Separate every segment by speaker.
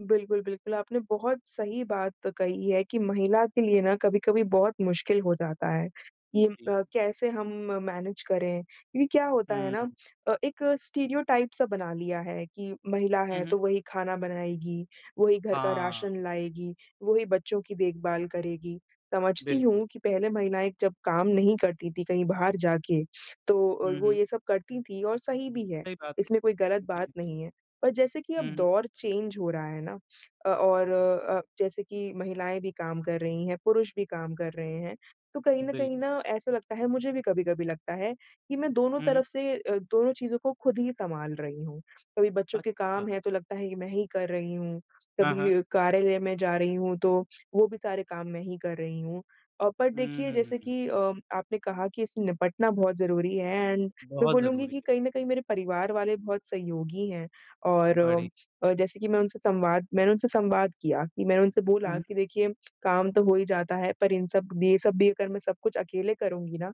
Speaker 1: बिल्कुल, बिल्कुल, आपने बहुत सही बात कही है कि महिला के लिए ना कभी-कभी बहुत मुश्किल हो जाता है
Speaker 2: हुँ,
Speaker 1: कि
Speaker 2: जी।
Speaker 1: अ, कैसे हम मैनेज करें, क्योंकि क्या होता है ना
Speaker 2: हुँ।
Speaker 1: एक स्टीरियोटाइप सा बना लिया है कि महिला
Speaker 2: हुँ,
Speaker 1: है
Speaker 2: हुँ।
Speaker 1: तो वही खाना बनाएगी, वही घर का
Speaker 2: हाँ।
Speaker 1: राशन लाएगी, वही बच्चों की देखभाल करेगी, समझती
Speaker 2: बिल्कुल।
Speaker 1: हूँ कि पहले महिलाएँ जब काम नहीं करती थीं कहीं बाहर जाके, तो अ,
Speaker 2: हुँ,
Speaker 1: वो
Speaker 2: हुँ।
Speaker 1: ये सब करती थी और सही भी है
Speaker 2: सही बात है।
Speaker 1: इसमें कोई गलत
Speaker 2: जी,
Speaker 1: बात
Speaker 2: जी।
Speaker 1: नहीं है, पर जैसे कि अब
Speaker 2: हुँ, हुँ।
Speaker 1: दौर चेंज हो रहा है ना, अ, और अ, जैसे कि महिलाएँ भी काम कर रही हैं, पुरुष भी काम कर रहे हैं, तो कहीं न कहीं
Speaker 2: बिल्कुल।
Speaker 1: ना ऐसा लगता है मुझे भी कभी-कभी लगता है कि मैं दोनों
Speaker 2: हुँ, हुँ।
Speaker 1: तरफ से अ, दोनों चीज़ों को खुद ही संभाल रही हूँ। कभी बच्चों के काम
Speaker 2: अच्छा।
Speaker 1: हैं तो लगता है कि मैं ही कर रही हूँ,
Speaker 2: हाँ, हाँ।
Speaker 1: कभी कार्यालय में जा रही हूँ तो वो भी सारे काम मैं ही कर रही हूँ। अ, पर देखिए जैसे
Speaker 2: हुँ।
Speaker 1: कि अ, आपने कहा कि इससे निपटना बहुत ज़रूरी है एंड मैं
Speaker 2: बहुत
Speaker 1: बोलूँगी
Speaker 2: ज़रूरी
Speaker 1: कि
Speaker 2: है।
Speaker 1: कहीं न कहीं मेरे परिवार वाले बहुत सहयोगी हैं, और
Speaker 2: बढ़ी
Speaker 1: और जैसे कि मैं उनसे संवाद मैंने उनसे संवाद किया कि मैंने उनसे बोला
Speaker 2: हुँ।
Speaker 1: कि देखिए, काम तो हो ही जाता है पर इन सब ये सब भी अगर मैं सब कुछ अकेले करुँगी ना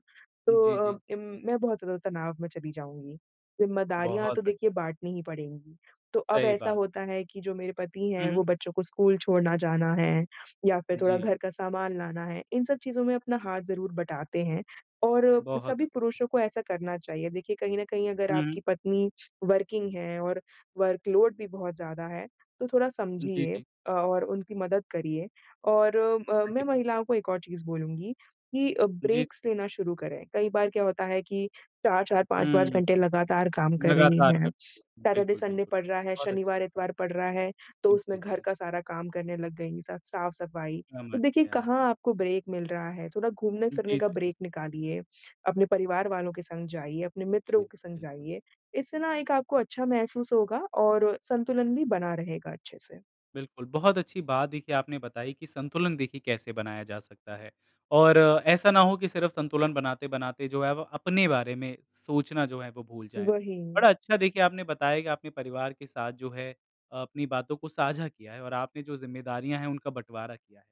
Speaker 1: तो
Speaker 2: जी,
Speaker 1: अ,
Speaker 2: जी।
Speaker 1: उम, मैं बहुत ज़्यादा तनाव में चली जाऊँगी, ज़िम्मेदारियाँ
Speaker 2: बहुत
Speaker 1: तो देखिए
Speaker 2: बढ़िया।
Speaker 1: बाँटनी ही पड़ेंगी। तो अब
Speaker 2: सही
Speaker 1: ऐसा
Speaker 2: बात
Speaker 1: होता
Speaker 2: है।
Speaker 1: है कि जो मेरे पति हैं
Speaker 2: हुँ।
Speaker 1: वो बच्चों को स्कूल छोड़ना जाना है, या फिर थोड़ा
Speaker 2: जी।
Speaker 1: घर का सामान लाना है, इन सब चीज़ों में अपना हाथ ज़रूर बटाते हैं और
Speaker 2: बहुत।
Speaker 1: सभी पुरुषों को ऐसा करना चाहिए, देखिए कहीं न कहीं अगर
Speaker 2: हुँ, हुँ।
Speaker 1: आपकी पत्नी वर्किंग है और वर्क लोड भी बहुत ज़्यादा है, तो थोड़ा
Speaker 2: जी,
Speaker 1: समझिए
Speaker 2: जी।
Speaker 1: अ, और उनकी मदद करिए और अ,
Speaker 2: हाँ
Speaker 1: मैं
Speaker 2: जी।
Speaker 1: महिलाओं को 1 और चीज बोलूँगी कि
Speaker 2: जी।
Speaker 1: ब्रेक्स लेना शुरू करें। कई बार क्या होता है कि 4-4 पाँच
Speaker 2: हुँ,
Speaker 1: पाँच घंटे
Speaker 2: हुँ,
Speaker 1: लगातार काम कर रही
Speaker 2: लगातार
Speaker 1: हैं।
Speaker 2: करते रहते हैं
Speaker 1: सैटर्डे,
Speaker 2: बिल्कुल,
Speaker 1: संडे
Speaker 2: बिल्कुल,
Speaker 1: पड़ रहा है,
Speaker 2: बहुत अच्छी बात
Speaker 1: शनिवार-इतवार पड़ रहा है, तो
Speaker 2: है।
Speaker 1: उसमें
Speaker 2: जी, जी,
Speaker 1: घर
Speaker 2: जी।
Speaker 1: का सारा काम करने लग गईं सब साफ-सफाई। तो
Speaker 2: समझ
Speaker 1: देखिए
Speaker 2: गया।
Speaker 1: कहाँ आपको ब्रेक मिल रहा है, थोड़ा
Speaker 2: जी,
Speaker 1: घूमने-फिरने
Speaker 2: जी,
Speaker 1: का
Speaker 2: जी।
Speaker 1: ब्रेक निकालिए, अपने परिवार वालों के संग जाइए, अपने
Speaker 2: जी,
Speaker 1: मित्रों के संग
Speaker 2: बिल्कुल।
Speaker 1: जाइए, इससे ना एक आपको अच्छा महसूस होगा और संतुलन भी बना रहेगा अच्छे से।
Speaker 2: बिल्कुल, बहुत अच्छी बात देखिए आपने बताई कि संतुलन देखिए कैसे बनाया जा सकता है। और ऐसा ना हो कि सिर्फ संतुलन बनाते-बनाते जो है वो अपने बारे में सोचना जो है वो भूल जाएँ।
Speaker 1: वही।
Speaker 2: बड़ा अच्छा देखिए आपने बताया कि आप अपने परिवार के साथ जो है अ, अपनी बातों को साझा किया है और आपने जो जिम्मेदारियाँ है उनका बटवारा किया है।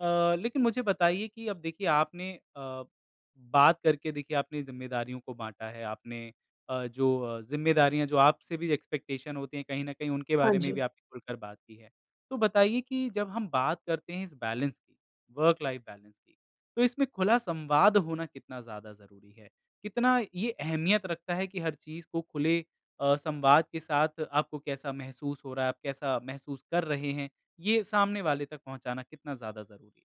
Speaker 2: अ, लेकिन मुझे बताइए कि अब देखिए आपने अ, बात करके देखिए आपने जिम्मेदारियों को बाँटा है आपने अ, जो अ, जिम्मेदारियाँ जो आपसे भी एक्सपेक्टेशन होती हैं कहीं न कहीं उनके
Speaker 1: हाँ
Speaker 2: बारे में भी
Speaker 1: जी।
Speaker 2: आपने खुलकर बात की है। तो बताइए कि जब हम बात करते हैं इस बैलेंस की, वर्क लाइफ बैलेंस की तो इसमें खुला संवाद होना कितना ज़्यादा ज़रूरी है, कितना ये अहमियत रखता है कि हर चीज़ को खुले अ, संवाद के साथ आपको कैसा महसूस हो रहा है, आप कैसा महसूस कर रहे हैं, ये सामने वाले तक पहुँचाना कितना ज़्यादा ज़रूरी है?